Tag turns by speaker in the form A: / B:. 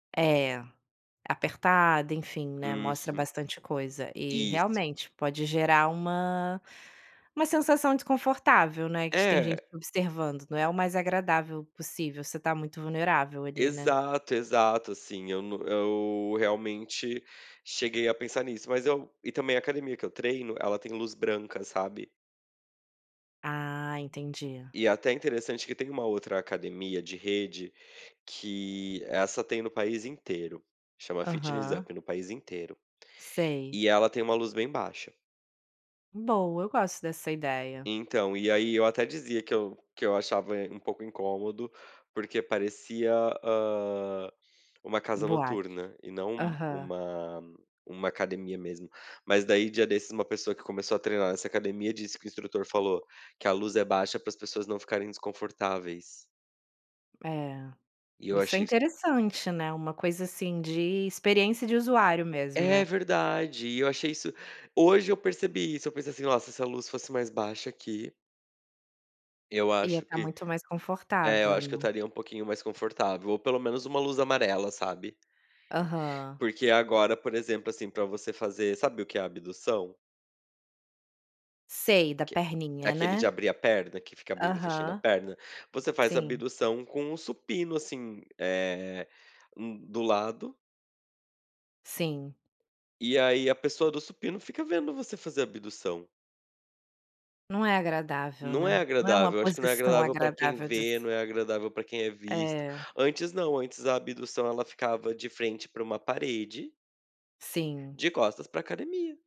A: É, apertada enfim, né, mostra
B: Uhum.
A: bastante coisa e,
B: Isso.
A: realmente, pode gerar uma uma sensação desconfortável, né, de que tem gente
B: É.
A: te observando, não é o mais agradável possível, você está muito vulnerável ali, né.
B: Exato, exato. Assim eu não eu realmente cheguei a pensar nisso, mas eu e também a academia, que eu treino, tem luz branca, sabe.
A: Ah, entendi.
B: E até interessante que tem uma outra academia de rede, que essa tem no país inteiro, chama Fitness
A: Aham.
B: Up é no país inteiro,
A: Sei.
B: e ela tem uma luz bem baixa.
A: Boa, eu gosto dessa ideia.
B: Então, e aí eu até dizia que eu que eu achava um pouco incômodo, porque parecia, hã, uma casa
A: Boate.
B: noturna, e não um
A: Aham.
B: uma uma academia mesmo. Mas daí dia desses uma pessoa que começou a treinar nessa academia disse que o instrutor falou que a luz é baixa para as pessoas não ficarem desconfortáveis.
A: É,
B: E eu
A: isso é
B: achei isso
A: interessante, né, uma coisa assim, de experiência de usuário mesmo,
B: É,
A: né.
B: verdade. E eu achei isso hoje eu percebi isso, eu pensei assim: "Nossa, se essa luz fosse mais baixa aqui" "eu
A: Ia
B: acho
A: estar
B: que"
A: muito mais
B: é, eu
A: confortável,
B: acho que eu
A: né.
B: estaria um pouquinho mais confortável, ou pelo menos uma luz amarela, sabe.
A: Aham.
B: Porque agora, por exemplo, assim, para você fazer sabe o que é a abdução?
A: Sei, da
B: Que é
A: perninha,
B: aquele
A: né.
B: de abrir a perna, que fica abrindo e fechando a
A: Aham.
B: perna. Você faz a
A: Sim.
B: abdução com o supino, assim, eh, hum, do lado
A: Sim.
B: e aí a pessoa do supino fica vendo você fazer abdução.
A: Não é agradável,
B: Não é
A: né. Não é uma
B: agradável, eu acho que não é
A: posição
B: agradável pra quem
A: agradável dis
B: vê, não é agradável pra quem é visto.
A: É.
B: Antes não, antes a abdução, ela ficava de frente pra uma parede
A: Sim.
B: de costas pra academia.